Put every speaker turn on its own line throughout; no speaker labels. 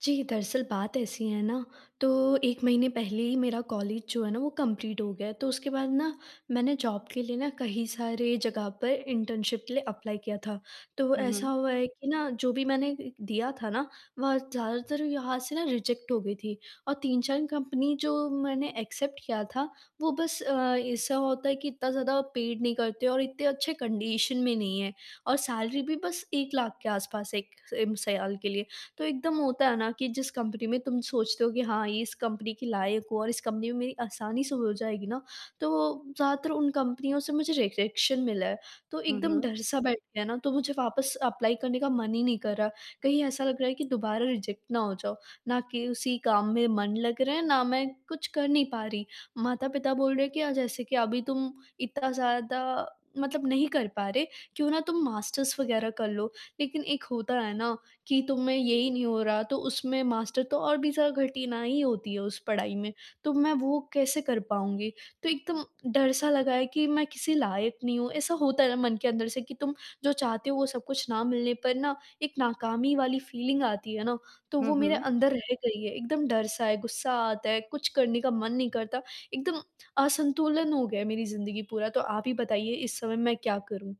जी, दरअसल बात ऐसी है ना, तो 1 महीने पहले ही मेरा कॉलेज जो है ना, वो कंप्लीट हो गया, तो उसके बाद ना मैंने जॉब के लिए ना कही सारे जगह पर इंटर्नशिप के लिए अप्लाई किया था। तो
हुँ,
ऐसा
हुँ।
हुआ है कि ना जो भी मैंने एक एक दिया था ना, वहाँ ज़्यादातर यहाँ से ना रिजेक्ट हो गई थी। और 3-4 कंपनी जो मैंने एक्सेप्ट किया था, वो बस अ, ऐसा होता है कि इतना ज़्यादा पेड नहीं करते और इतने अच्छे कंडीशन में नहीं है, और सैलरी भी बस 1 लाख के आसपास 1 एम साल के लिए। तो एकदम होता है ना कि जिस कंपनी में तुम सोचते हो कि हाँ, इस कंपनी की लायक हो और इस कंपनी में मेरी आसानी से हो जाएगी ना, तो वो ज़्यादातर उन कंपनियों से मुझे रिजेक्शन मिला है। तो
हुँ,
एकदम
हुँ।
डर-सा बैठ गया ना, तो मुझे वापस एप्लाई करने का मन ही नहीं कर रहा। कहीं ऐसा लग रहा है कि दोबारा रिजेक्ट ना हो जाओ, ना कि उसी काम में मन लग रहा है, ना मैं कुछ कर नहीं पा रही। माता-पिता बोल रहे हैं कि अ, "जैसे कि अभी तुम इतना ज़्यादा मतलब नहीं कर पा रहे, क्यों ना तुम मास्टर्स वगैरह कर लो।" लेकिन एक होता है ना कि तुम्हें यही नहीं हो रहा, तो उसमें मास्टर तो और भी ज़्यादा कठिनाई होती है उस पढ़ाई में, तो मैं वो कैसे कर पाऊँगी? तो एकदम डर-सा लगा है कि मैं किसी लायक नहीं हूँ। ऐसा होता है ना मन के अंदर से कि तुम जो चाहते हो, वो सब कुछ ना मिलने पर ना एक नाकामी वाली फीलिंग आती है ना, तो
हुँ,
वो मेरे
हुँ।
अंदर रह गई है। एकदम डर-सा है, गुस्सा आता है, कुछ करने का मन नहीं करता, एकदम असंतुलन हो गया है मेरी जिंदगी पूरा। तो आप ही बताइए, इस समय मैं क्या करूँ?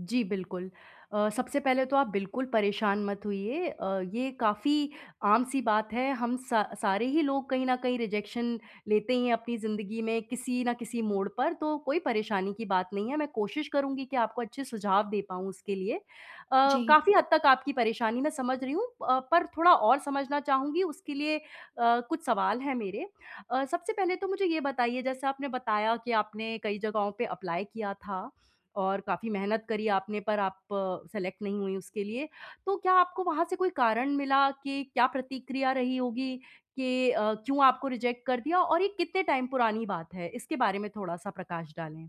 जी, बिल्कुल। अ, सबसे पहले तो आप बिल्कुल परेशान मत होइए। अ, ये काफ़ी आम-सी बात है, हम स सारे ही लोग कहीं न कहीं रिजेक्शन लेते ही हैं अपनी ज़िंदगी में किसी न किसी मोड़ पर, तो कोई परेशानी की बात नहीं है। मैं कोशिश करूँगी कि आपको अच्छे सुझाव दे पाऊँ उसके लिए। अ,
जी।
काफ़ी हद तक आपकी परेशानी मैं समझ रही हूँ अ, पर थोड़ा और समझना चाहूँगी, उसके लिए अ, कुछ सवाल हैं मेरे। अ, सबसे पहले तो मुझे ये बताइए जैसे आपने बताया कि आपने कई जगहों पे एप्लाई किया था, और काफ़ी मेहनत करी आपने पर आप सेलेक्ट नहीं हुई उसके लिए। तो क्या आपको वहाँ से कोई कारण मिला कि क्या प्रतिक्रिया रही होगी कि अ, क्यों आपको रिजेक्ट कर दिया और ये कितने टाइम पुरानी बात है? इसके बारे में थोड़ा-सा प्रकाश डालें।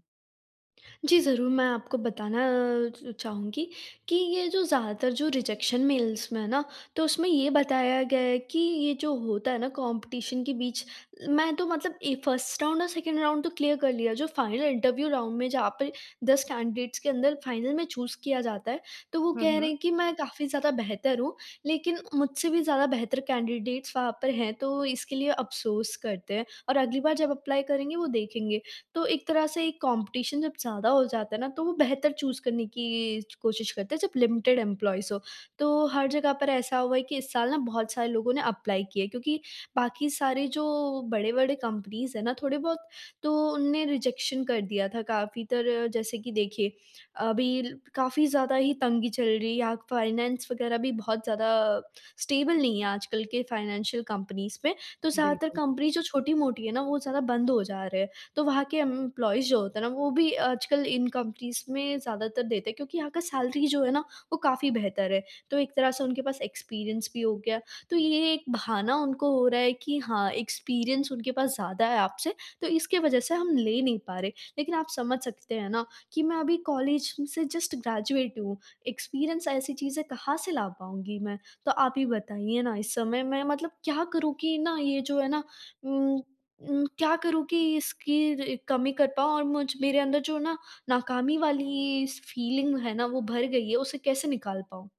जी, ज़रूर। मैं आपको बताना अ, च चाहूँगी कि ये जो ज़्यादातर जो रिजेक्शन मेल्स में है ना, तो उसमें ये बताया गया है कि ये जो होता है ना कॉम्पिटिशन के बीच, मैं तो मतलब ए, 1st राउंड और 2nd राउंड तो क्लियर कर लिया। जो फाइनल इंटरव्यू राउंड में जहाँ पर 10 कैंडिडेट्स के अंदर फाइनल में चूज़ किया जाता है, तो वो
हुँ,
कह रहे
हुँ।
हैं कि मैं काफ़ी ज़्यादा बेहतर हूँ लेकिन मुझसे भी ज़्यादा बेहतर कैंडिडेट्स वहाँ पर हैं। तो इसके लिए अफ़सोस करते हैं और अगली बार जब एप्लाई करेंगे वो देखेंगे। तो एक तरह से एक कॉम्पिटिशन जब ज़्यादा हो जाता है ना तो वो बेहतर चूज़ करने की च कोशिश करते हैं जब लिमिटेड एम्प्लॉइज़ हों। तो हर जगह पर ऐसा हुआ है कि इस साल ना बहुत सारे लोगों ने एप्लाई किया है क्योंकि बाकी सारे जो बड़े-बड़े कंपनीज़ हैं ना थोड़े बहुत, तो उनने रिजेक्शन कर दिया था काफ़ी तरह। जैसे कि देखिए, अभी ल काफ़ी ज़्यादा ही तंगी चल रही है या फाइनेंस वगैरह भी बहुत ज़्यादा अ, स्टेबल नहीं है आजकल के फाइनेंशियल कंपनीज़ में। तो ज़्यादातर
बिल्कुल।
कंपनीज़ जो छोटी-मोटी हैं ना वो ज़्यादा बंद हो जा रहे हैं। तो वहाँ के एम्प्लॉइज़ जो होते हैं ना वो भी आजकल इन कंपनीज़ में ज़्यादातर देते हैं क्योंकि यहाँ का सैलरी जो है ना, वो काफ़ी बेहतर है, तो एक तरह से उनके पास एक्सपीरियंस भी हो गया। तो ये एक बहाना उनको हो रहा है कि हाँ, एक्सपीरियंस उनके पास ज़्यादा है आपसे तो इसकी वजह से हम ले नहीं पा रहे। लेकिन आप समझ सकते हैं ना कि मैं अभी कॉलेज से जस्ट ग्रेजुएट हूँ, एक्सपीरियंस ऐसी चीज़ें कहाँ से ला पाऊँगी मैं। तो आप ही बताइए ना इस समय मैं मतलब क्या करूँ कि ना, ये जो है ना उम उम, क्या करूँ कि इसकी र कमी कर पाऊँ और मुझ मेरे अंदर जो ना नाकामी वाली स फीलिंग है ना वो भर गई है, उसे कैसे निकाल पाऊँ?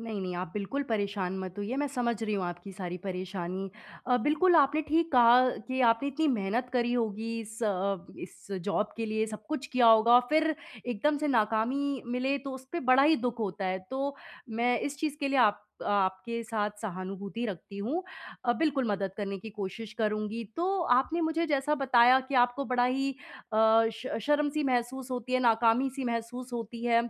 नहीं, नहीं आप बिल्कुल परेशान मत होइए मैं समझ रही हूँ आपकी सारी परेशानी। अ, बिल्कुल आपने ठीक कहा कि आपने इतनी मेहनत करी होगी इस अ अ, इस ज़ॉब के लिए सब कुछ किया होगा। फिर एकदम से नाकामी मिले तो उसपे बड़ा ही दुःख होता है। तो मैं इस चीज़ के लिए आप आपके साथ सहानुभूति रखती हूँ। अ, बिल्कुल मदद करने की कोशिश करुँगी। तो आपने मुझे जैसा बताया कि आपको बड़ा ही अ, श शर्म सी महसूस होती है, नाकामी सी महसूस होती है।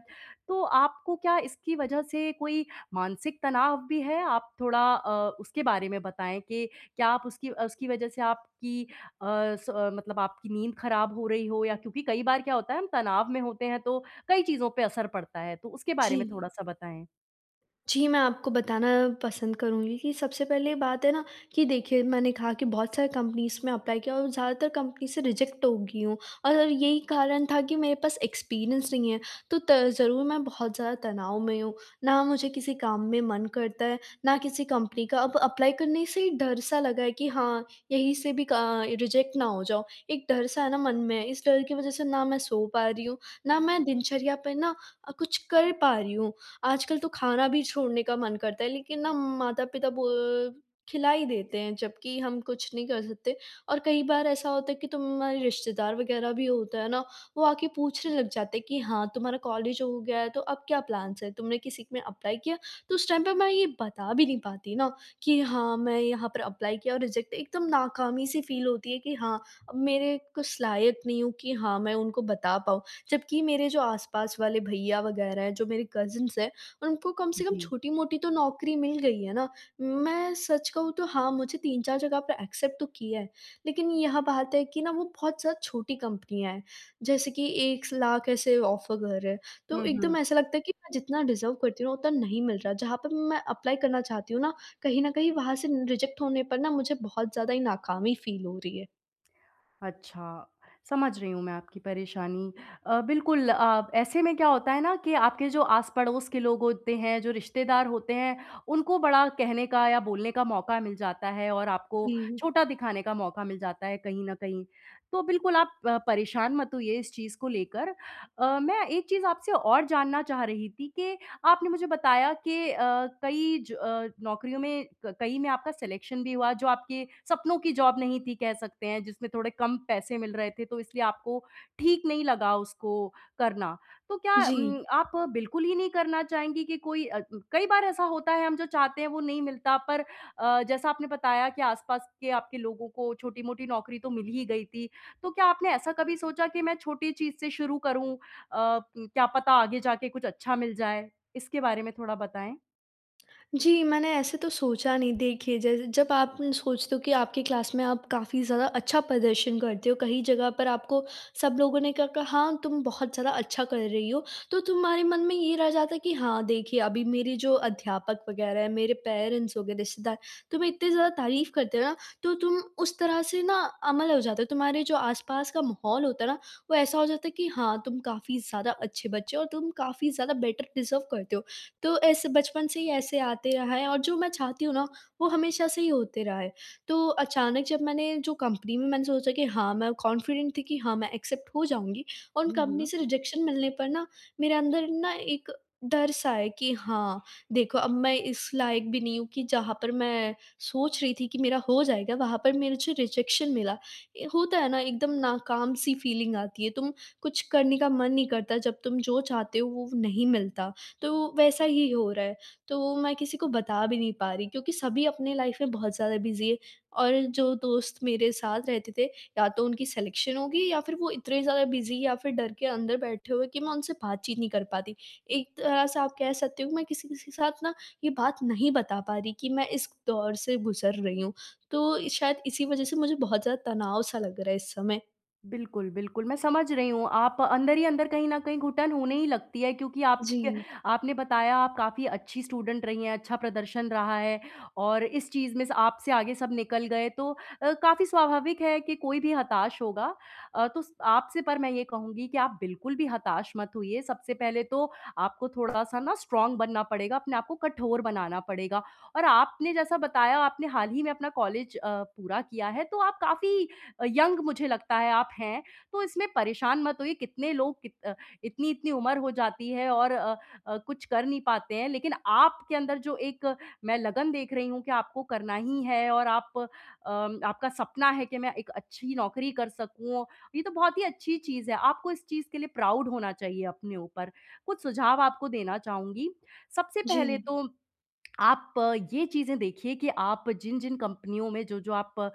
तो आपको क्या इसकी वजह से कोई मानसिक तनाव भी है? आप थोड़ा अ, उसके बारे में बताएँ कि क्या आप उसकी अ, उसकी वजह से आपकी अ, स मतलब आपकी नींद खराब हो रही हो या क्योंकि कई बार क्या होता है हम तनाव में होते हैं तो कई चीज़ों पे असर पड़ता है। तो उसके बारे में
जी।
थोड़ा-सा बताएँ।
जी, मैं आपको बताना पसंद करूँगी कि सबसे पहले बात है ना कि देखिए मैंने कहा कि बहुत सारी कंपनीज़ में अप्लाई किया और ज़्यादातर कंपनी से रिजेक्ट हो गई हूँ। और यही कारण था कि मेरे पास एक्सपीरियंस नहीं है। तो त ज़रूर मैं बहुत ज़्यादा तनाव में हूँ। ना मुझे किसी काम में मन करता है, ना किसी कंपनी का अब अप्लाई करने से ही डर सा लगा है कि हाँ, यहीं से भी का रिजेक्ट ना हो जाओ। एक डर सा है न मन में है। इस डर की वजह से ना मैं सो पा रही हूँ, ना मैं दिनचर्या पे ना अ, कुछ कर पा रही हूँ। आजकल तो खाना भी छोड़ने का मन करता है लेकिन न माता-पिता बो खिला ही देते हैं जबकि हम कुछ नहीं कर सकते। और कई बार ऐसा होता है कि तुम्हारे रिश्तेदार वग़ैरह भी होता है ना वो आके पूछने लग जाते हैं कि हाँ, तुम्हारा कॉलेज हो गया है तो अब क्या प्लान्स हैं? तुमने किसी में एप्लाई किया? तो उस टाइम पे मैं ये बता भी नहीं पाती न, कि हाँ मैं यहाँ पर एप्लाई किया और रिजेक्ट एकदम नाकामी-सी फ़ील होती है कि हाँ, अब मेरे कुछ लायक नहीं हूँ कि हाँ मैं उनको बता पाऊँ। जबकि मेरे जो आस-पास वाले भैया वग़ैरह हैं, जो मेरे कजिन्स हैं उनको कम से कम
जी।
छोटी-मोटी तो नौकरी मिल गई है ना। मैं सच कहूँ तो हाँ मुझे 3-4 जगह पर एक्सेप्ट तो किया है लेकिन यह बात है कि न वो बहुत ज़्यादा छोटी कंपनियाँ हैं। जैसे कि 1 स लाख ऐसे ऑफ़र कर रहे हैं। तो
हुँ, हुँ।
एकदम ऐसा लगता है कि मैं जितना डिज़र्व करती हूँ उतना नहीं मिल रहा। जहाँ पर मैं एप्लाई करना चाहती हूँ ना, कहीं न कहीं वहाँ से रिजेक्ट होने पर न मुझे बहुत ज़्यादा ही नाकामी फ़ील हो रही है।
अच्छा, समझ रही हूँ मैं आपकी परेशानी। अ, बिल्कुल अ, ऐसे में क्या होता है ना कि आपके जो आस-पड़ोस के लोग होते हैं, जो रिश्तेदार होते हैं, उनको बड़ा कहने का या बोलने का मौका मिल जाता है और आपको
जी।
छोटा दिखाने का मौका मिल जाता है, कहीं न कहीं। तो बिल्कुल आप प परेशान मत होइए इस चीज़ को लेकर। अ, मैं एक चीज़ आपसे और जानना चाह रही थी कि आपने मुझे बताया कि अ, कई ज अ, नौकरियों में, क कई में आपका सिलेक्शन भी हुआ, जो आपके सपनों की जॉब नहीं थी, कह सकते हैं, जिसमें थोड़े कम पैसे मिल रहे थे, तो इसलिए आपको ठीक नहीं लगा उसको करना। तो क्या
जी
उम, आप बिल्कुल ही नहीं करना चाहेंगी कि कोई अ, उ कई बार ऐसा होता है, हम जो चाहते हैं, वो नहीं मिलता, पर अ, जैसा आपने बताया कि आसपास के आपके लोगों को छोटी-मोटी नौकरी तो मिल ही गई थी। तो क्या आपने ऐसा कभी सोचा कि, "मैं छोटी चीज़ से शुरू करूँ अ, क्या पता आगे जा के कुछ अच्छा मिल जाए?" इसके बारे में थोड़ा बताएँ।
जी, मैंने ऐसे तो सोचा नहीं। देखिए, जैसे जब आप सोचते हो कि आपकी क्लास में आप काफ़ी ज़्यादा अच्छा प्रदर्शन करते हो, कहीं जगह पर आपको सब लोगों ने क कहा, "हाँ, तुम बहुत ज़्यादा अच्छा कर रही हो।" तो तुम्हारे मन में ये रह जाता है कि हाँ, देखिए, अभी मेरी जो अध्यापक वग़ैरह हैं, मेरे पेरेंट्स हो गए, रिश्तेदार, तुम्हें इतनी ज़्यादा तारीफ़ करते हो ना, तो तुम उस तरह से ना अमल हो जाते हो। तुम्हारे जो आसपास का माहौल होता है ना, वो ऐसा हो जाता है कि हाँ, तुम काफ़ी ज़्यादा अच्छे बच्चे हो और तुम काफ़ी ज़्यादा बेटर डिज़र्व करते हो। तो ऐसे बचपन से ही ऐसे आते रहा है और जो मैं चाहती हूँ ना, वो हमेशा से ही होते रहा है। तो अचानक जब मैंने जो कंपनी में मैंने सोचा कि हाँ, मैं कॉन्फिडेंट थी कि हाँ, मैं एक्सेप्ट हो जाऊँगी, उन
हुँ,
कंपनी
हुँ।
से रिजेक्शन मिलने पर ना, मेरे अंदर ना एक डर-सा है कि, "हाँ, देखो, अब मैं इस लायक भी नहीं हूँ कि जहाँ पर मैं सोच रही थी कि मेरा हो जाएगा, वहाँ पर मेरे जो रिजेक्शन मिला।" ए होता है ना, एकदम नाकाम-सी फ़ीलिंग आती है, तुम कुछ करने का मन नहीं करता, जब तुम जो चाहते हो, वो नहीं मिलता। तो वैसा ही हो रहा है। तो वो मैं किसी को बता भी नहीं पा रही क्योंकि सभी अपनी लाइफ़ में बहुत ज़्यादा बिज़ी है और जो दोस्त मेरे साथ रहते थे, या तो उनकी सिलेक्शन हो गई है या फिर वो इतने ज़्यादा बिज़ी या फिर डर के अंदर बैठे हुए कि मैं उनसे बातचीत नहीं कर पाती। एक तरह से आप कह सकते हो, मैं किसी-किसी के साथ ना, ये बात नहीं बता पा रही कि मैं इस दौर से गुज़र रही हूँ। तो शायद इसी वज़ह से मुझे बहुत ज़्यादा तनाव-सा लग रहा है इस समय।
बिल्कुल, बिल्कुल, मैं समझ रही हूँ। आप अंदर ही अंदर कहीं न कहीं घुटन होने ही लगती है क्योंकि आप क
जी।
आपने बताया, आप काफ़ी अच्छी स्टूडेंट रही हैं, अच्छा प्रदर्शन रहा है और इस चीज़ में से आपसे आगे सब निकल गए, तो अ, काफ़ी स्वाभाविक है कि कोई भी हताश होगा। अ, तो स आपसे पर मैं ये कहूँगी कि आप बिल्कुल भी हताश मत होइए। सबसे पहले तो आपको थोड़ा-सा ना स्ट्रॉंग बनना पड़ेगा, अपने आपको कठोर बनाना पड़ेगा और आपने जैसा बताया, आपने हाल ही में अपना कॉलेज अ, पूरा किया है, तो आप काफ़ी अ, यंग मुझे लगता है आप हैं। तो इसमें परेशान मत होइए, कितने लोग कित अ, इतनी-इतनी उम्र हो जाती है और अ अ, कुछ कर नहीं पाते हैं, लेकिन आपके अंदर जो एक मैं लगन देख रही हूँ कि आपको करना ही है और आप अ, आपका सपना है कि, "मैं एक अच्छी नौकरी कर सकूँ।" ये तो बहुत ही अच्छी चीज़ है। आपको इस चीज़ के लिए प्राउड होना चाहिए अपने ऊपर। कुछ सुझाव आपको देना चाहूँगी। सबसे पहले
जी।
तो आप ये चीज़ें देखिए कि आप जिन-जिन कंपनियों में जो-जो आप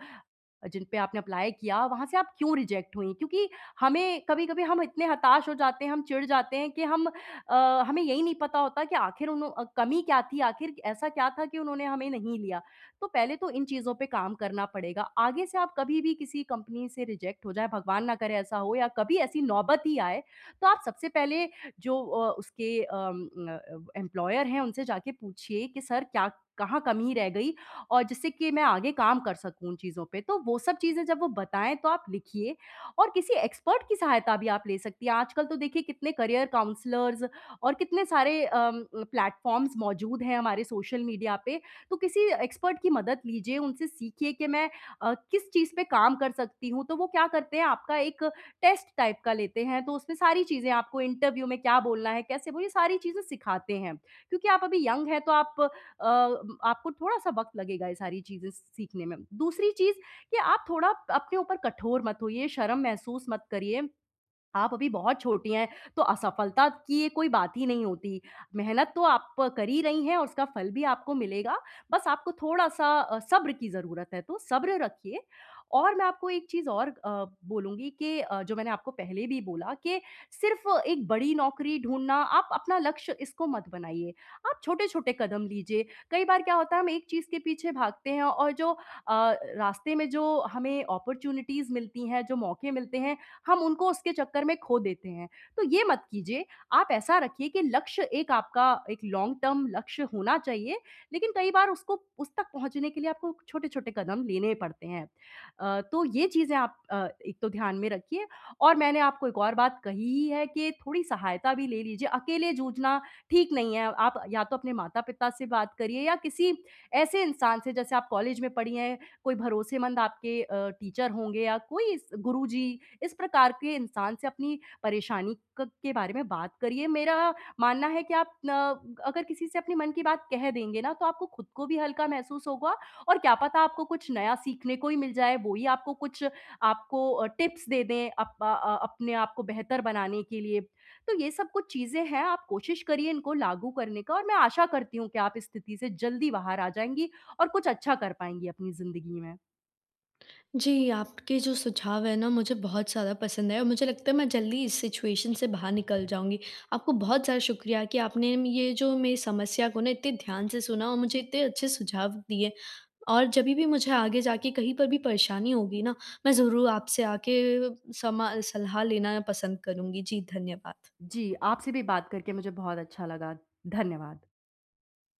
जिन पे आपने अप्लाय किया, वहाँ से आप क्यों रिजेक्ट हुईं? क्योंकि हमें कभी-कभी हम इतने हताश हो जाते हैं, हम चिढ़ जाते हैं कि हम अ, हमें यही नहीं पता होता कि आखिर उनु अ, कमी क्या थी आखिर कि ऐसा क्या था कि उन्होंने हमें नहीं लिया? तो पहले तो इन चीज़ों पे काम करना पड़ेगा। आगे से आप कभी भी किसी कंपनी से रिजेक्ट हो जाएँ, भगवान ना करे, ऐसा हो या कभी ऐसी नौबत ही आए, तो आप सबसे पहले जो अ, उसके अम अ अ, एम्प्लॉयर हैं, उनसे जाके पूछिए कि सर क्या कहाँ कमी रह गई और जिससे कि मैं आगे काम कर सकूँ उन चीज़ों पे? तो वो सब चीज़ें जब वो बताएँ, तो आप लिखिए और किसी एक्सपर्ट की सहायता भी आप ले सकती हैं। आजकल तो देखिए, कितने करियर काउंसलर्स और कितने सारे अम अ, प्लेटफ़ॉर्म्स मौजूद हैं हमारे सोशल मीडिया पे। तो किसी एक्सपर्ट की मदद लीजिए, उनसे सीखिए कि मैं अ, किस चीज़ पे काम कर सकती हूँ? तो वो क्या करते हैं, आपका एक टेस्ट टाइप का लेते हैं, तो उसमें सारी चीज़ें, आपको इंटरव्यू में क्या बोलना है, कैसे बोल ये सारी चीज़ें सिखाते हैं। क्योंकि आप अभी यंग हैं, तो आप अ, आपको थोड़ा-सा वक़्त लगेगा ये सारी चीज़ें सीखने में। दूसरी चीज़ कि आप थोड़ा अपने ऊपर कठोर मत होइए, शर्म महसूस मत करिए। आप अभी बहुत छोटी हैं, तो असफलता की कोई बात ही नहीं होती। मेहनत तो आप कर ही रही हैं और उसका फल भी आपको मिलेगा। बस आपको थोड़-सा अ, सब्र की ज़रूरत है, तो सब्र रखिए और मैं आपको एक चीज़ और अ, बोलूँगी कि अ, जो मैंने आपको पहले भी बोला कि सिर्फ़ एक बड़ी नौकरी ढूँढना, आप अपना लक्ष्य इसको मत बनाइए। आप छोटे-छोटे कदम लीजिए। कई बार क्या होता है, हम एक चीज़ के पीछे भागते हैं और जो अ, रास्ते में जो हमें अपॉर्च्युनिटीज़ मिलती हैं, जो मौके मिलते हैं, हम उनको उसके चक्कर में खो देते हैं, तो ये मत कीजिए। आप ऐसा रखिए कि लक्ष्य एक आपका, एक लॉन्ग टर्म लक्ष्य होना चाहिए, लेकिन कई बार उसको उस तक पहुँचने के लिए आपको छोटे-छोटे कदम लेने पड़ते हैं। अ, तो ये चीज़ें आप अ, एक तो ध्यान में रखिए और मैंने आपको एक और बात कही ही है कि थोड़ी सहायता भी ले लीजिए, अकेले जूझना ठीक नहीं है। आप या तो अपने माता-पिता से बात करिए या किसी ऐसे इंसान से, जैसे आप कॉलेज में पढ़ी हैं, कोई भरोसेमंद आपके अ, टीचर होंगे या कोई इस गुरुजी, इस प्रकार के इंसान से अपनी परेशानी क के बारे में बात करिए। मेरा मानना है कि आप ना अगर किसी से अपने मन की बात कह देंगे ना, तो आपको खुद को भी हल्का महसूस होगा और क्या पता आपको कुछ नया सीखने को ही मिल जाए, वो ही आपको कुछ, आपको अ, टिप्स दे दें अप अ, अपने आपको बेहतर बनाने के लिए। तो ये सब कुछ चीज़ें हैं। आप कोशिश करिए इनको लागू करने का और मैं आशा करती हूँ कि आप इस स्थिति से जल्दी बाहर आ जाएँगी और कुछ अच्छा कर पाएँगी अपनी ज़िंदगी में।
जी, आपके जो सुझाव हैं ना, मुझे बहुत ज़्यादा पसंद आए और मुझे लगता है, मैं जल्दी इस सिचुएशन से बाहर निकल जाऊँगी। आपको बहुत ज़्यादा शुक्रिया कि आपने म ये जो मेरी समस्या को ना, इतने ध्यान से सुना और मुझे इतने अच्छे सुझाव दिए और जभी भी मुझे आगे जाके कहीं पर भी परेशानी होगी ना, मैं ज़रूर आपसे आके समा सलाह लेना मैं पसंद करूँगी। जी, धन्यवाद।
जी, आपसे भी बात करके मुझे बहुत अच्छा लगा। धन्यवाद।